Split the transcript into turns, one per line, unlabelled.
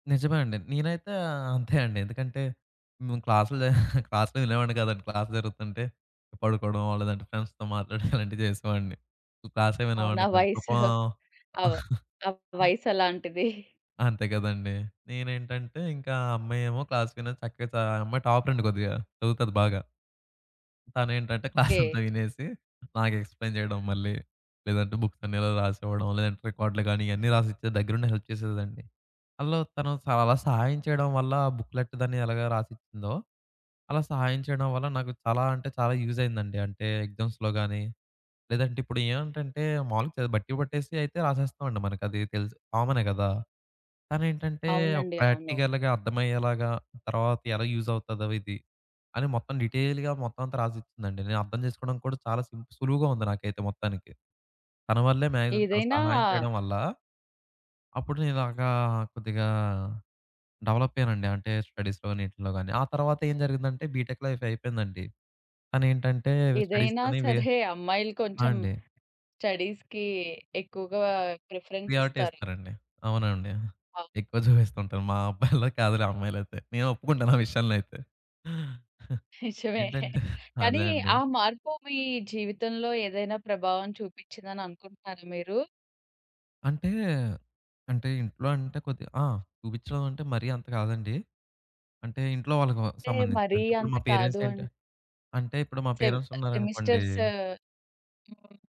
నిజమే అండి. నేనైతే అంతే అండి. ఎందుకంటే, మేము క్లాసులో క్లాస్‌లో వినేవాడిని కాదండి. క్లాస్ జరుగుతుంటే పడుకోవడమో, లేదంటే ఫ్రెండ్స్‌తో మాట్లాడడం అలాంటివి చేసేవాడిని. క్లాసే
అవునా!
వినేవాడిని కాదు
వయసు
[unintelligible]
అవ ఆ వయసు అలాంటిది.
అంతే గదండీ! నేనేంటంటే, ఇంకా ఆ అమ్మాయి ఏమో క్లాస్ విని చక్కగా చ ఆ అమ్మాయి టాపర్ అండి కొద్దిగా చదువుతాది బాగా. తనేంటంటే,
ఓకే.
క్లాసంతా వినేసి నాకు ఎక్స్‌ప్లైన్ చేయడం మళ్ళి. లేదంటే, బుక్స్ అన్నిఇలా రాసివ్వడం, లేదంటే రికార్డులు గాని ఇయన్నీ రాసిచ్చేది. దగ్గరుండి హెల్ప్ చేసేదిలెండి. అందులో తను చాలా సహాయం చేయడం వల్ల, ఆ బుక్‌లెట్ దాన్ని ఎలాగా రాసిచ్చిందో అలా సహాయం చేయడం వల్ల, నాకు చాలా అంటే చాలా యూజ్ అయిందండి. అంటే ఎగ్జామ్స్‌లో గాని, లేదంటే ఇప్పుడు ఏవంటంటే మాములుగా చదివి బట్టి పట్టేసి అయితే రాసేస్తామండి. మనకి అది తెలుసు. కామనే గదా! తనేంటంటే, ఒక
అవునండి. అవును.
ప్రాక్టికల్‌గా అర్థమయ్యేలాగా, తరువాత ఎలా యూజ్ అవుతాదో ఇది. అని మొత్తం డీటెయిల్‌గా మొత్తమంతా రాసిచ్చిందండి. నేనర్థం చేసుకోవడంకి కూడా చాలా సింపుల్ సులువుగా ఉంది నాకైతే మొత్తానికి. తన వల్లే మాక్సిమం తను
ఏదైనా
సహాయం చేయడం వల్ల, అప్పుడు నేను ఇలాగా ఆహ్, కొద్దిగా డెవలప్ అయ్యానండి. అంటే స్టడీస్‌లోని ఈటిల్లో గాని. ఆ తర్వాతేం జరిగిందంటే బీటెక్ లైఫ్ అయిపోయిందండి. తనేంటంటే,
ఏదైనా
స్టడీస్‌‌కని వే
సరే, అమ్మాయిలు
ఆ!
కొంచెం
అండి.
స్టడీస్‌కి ఎక్కువగా ప్రిఫరెన్స్
ప్రియారిటీ
ఇస్తారు.
ఇస్తారండి. అవునండి.
అవ్
ఎక్కువ చూపిస్తూ ఉంటారు. మా అబ్బాయిల్లా కాదులే అమ్మాయిలైతే. నేను ఒప్పుకుంటాను ఆ విషయాంలో అయితే.
నిజమే.
ఏంటంటే
కానీ,
అదే అండి.
ఆ మార్పు మీ జీవితంలో ఏదైనా ప్రభావం చూపిచ్చిందని అనుకుంటున్నారా మీరు?
అంటే, అంటే ఇంట్లో అంటే కొద్దిగా ఆ! చూపిచ్చడం అంటే మరీ అంత కాదండి. అంటే ఇంట్లో వాళ్ళకి వ
అంటే
సంబంధించింది.
మరి
అంటే ఇప్పుడు
అంత
మా
కాదు
పేరెంట్స్
అన్
ఏంటి అంటే ఇప్పుడు మా
సెమ్
పేరెంట్స్
సెమిస్టర్స్
ఉన్నారనుకోండి
హ్మ్.